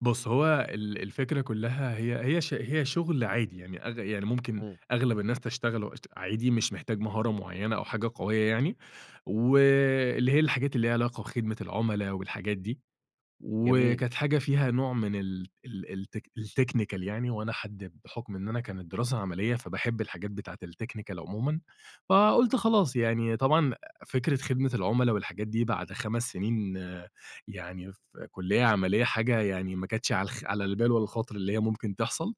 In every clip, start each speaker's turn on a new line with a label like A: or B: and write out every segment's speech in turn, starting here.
A: بُص هو ال ال الفكرة كُلّها هي هي ش هي شغل عادي، يعني أغ يعني ممكن
B: امم.
A: أغلب الناس تشتغله عادي مش محتاج مهارة معَيَّنة أو حاجة قوية يعني، و اللي هي الحاجات اللي ليها علاقة بخدمة العملاء والحاجات دي.
B: جميل.
A: وكانت حاجة فيها نوع من ال ال الت الTechnical يعني وأنا حد بحُكم إن أنا كانت دراسة عملية فباحب الحاجات بتاعت الTechnical عُمومًا، فَقُلت خلاص يعني طبعًا أ فكرة خدمة العملاء والحاجات دي بعد 5 سنين يعني في كلية عملية حاجة يعني ما كانتش على الخ على البال ولا الخاطر اللي هي ممكن تحصل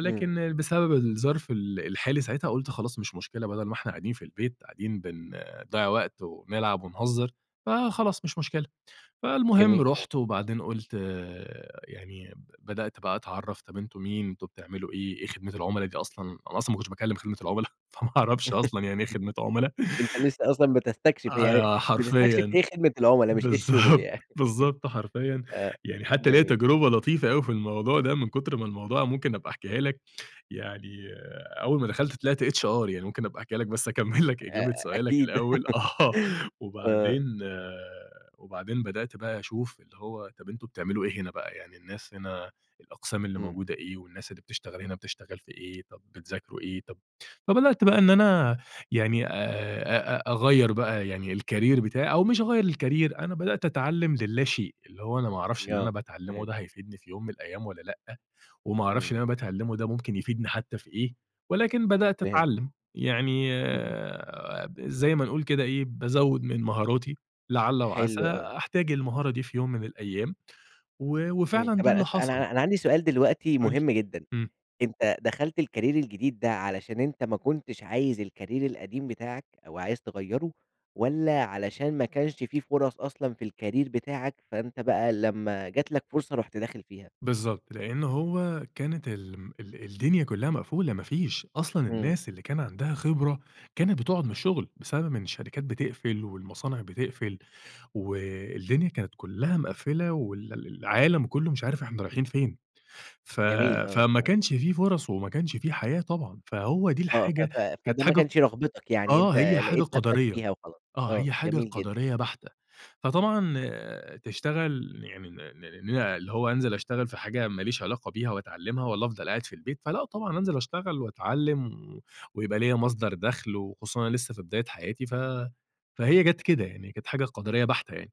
B: امم.
A: بسبب الظرف ال الحالي ساعتها قُلت خلاص مش مشكلة بدل ما إحنا قاعدين في البيت قاعدين بن بنضَيَّع وقت وبنلعَب ونهزر فَخلاص مش مشكلة. فالمهم
B: جميل أوي.
A: رُحت وبعدين قُلت يعني بدأت بقى أتعَرَّف، طب أنتُم مين؟ أنتُم بتعمَلوا إيه؟ إيه خدمة العملا دي أصلًا؟ أنا أصلًا ما كنتش باكلم خدمة العملا فَما اعرَفش أصلًا يعني إيه خدمة عملا.
B: أنت لسه أصلًا بتستكشف يعني
A: [unintelligible]
B: بتستكشف
A: حرفيًا،
B: إيه خدمة العملاء مش إيه الشغل
A: بالضبط،
B: يعني.
A: بالضبط حرفيًا،
B: آآ،
A: يعني حتى ليّا
B: جميل.
A: تَجرُبة لطيفة أوي في الموضوع ده من كُتر ما الموضوع ممكن أبقى أحكيها لك، يعني أول ما دَخَلت طِلعت HR يعني ممكن أبقى أحكيها لك بس أكَمَّل لك
B: أ أ
A: إجابة سؤالك
B: أكيد.
A: الأول آه.
B: آه.
A: وبعدين وبعدين بَدأت بقى أشوف اللي هو طب أنتُم بتعمَلوا إيه هنا بقى، يعني الناس هنا الأقسام اللي
B: امم.
A: موجودة إيه؟ والناس اللي بتشتغل هنا بتشتغل في إيه؟ طب بتذاكروا إيه؟ طب فبَدأت بقى إن أنا يعني آآ أ أ أ أغَيَّر بقى يعني الكاريير بتاعي أو مش أغَيَّر الكاريير أنا بَدأت أتعلم للاشيء، اللي هو أنا ما اعرفش
B: ي
A: اللي أنا
B: آه
A: باتعلمه
B: فهمت.
A: ده هيفيدني في يوم من الأيام والّا لأ، وما اعرفش
B: امم.
A: اللي أنا باتعلمه ده ممكن يفيدني حتى في إيه ولكن بَدأت
B: فهمت.
A: أتعلم يعني
B: اهم.
A: آآ، زي ما بنقول كده إيه بازَوَّد من مهاراتي لَعَلّ وعَسى
B: حلو آه.
A: أحتاج المهارة دي في يوم من الأيام، و
B: امم،
A: وفعلًا
B: طب
A: ده
B: أن
A: اللي
B: أنا
A: حصل.
B: أنا أنا عندي سؤال دلوقتي
A: قُل لي،
B: مهم جدًا،
A: امم.
B: أنت دخلت الكاريير الجديد ده علشان أنت ما كنتش عايز الكاريير القديم بتاعك أو عايز تغَيَّرُه، والّا علشان ما كانش في فرص أصلًا في الكاريير بتاعك، فأنت بقى لَمّا جات لك فرصة رُحت داخل فيها؟
A: بالضبط، لأن هو كانت ال م ال الدُنيا كُلّها مقفولة ما فيش أصلًا
B: امم.
A: الناس اللي كان عندها خبرة كانت بتقعُد من الشغل، بسبب إن الشرِكات بتقفل والمصانع بتقفل و الدُنيا كانت كُلّها مقَفلة وال ال العالم كُلُّه مش عارف إحنا رايحين فين، ف
B: جميل آه،
A: فما
B: [unintelligible]
A: كانش في فرص وما كانش في حياة طبعًا، فهو دي
B: آه، ف
A: الحاجة
B: ف
A: كانت
B: فده ما
A: حاجة ق
B: كانش رغبتك، يعني
A: آه،
B: أنت
A: هي حاجة
B: لقيت نفسك
A: قَدَريّة
B: فيها وخلاص،
A: آه
B: آه
A: هي حاجة
B: جميل جدًا.
A: قَدَريّة بحتة. فطبعًا تشتغل يعني نع ن ن ن اللي هو أنزَل أشتغل في حاجة ما ليش علاقة بيها وأتعلمها والّا أفضل قاعد في البيت، فلأ طبعًا أنزَل أشتغل وأتعلم و ويبقى ليّا مَصدَر دخل، وخُصوصًا أنا لسة في بداية حياتي ف فهي جات كده يعني، كانت حاجة قَدَريّة بحتة يعني.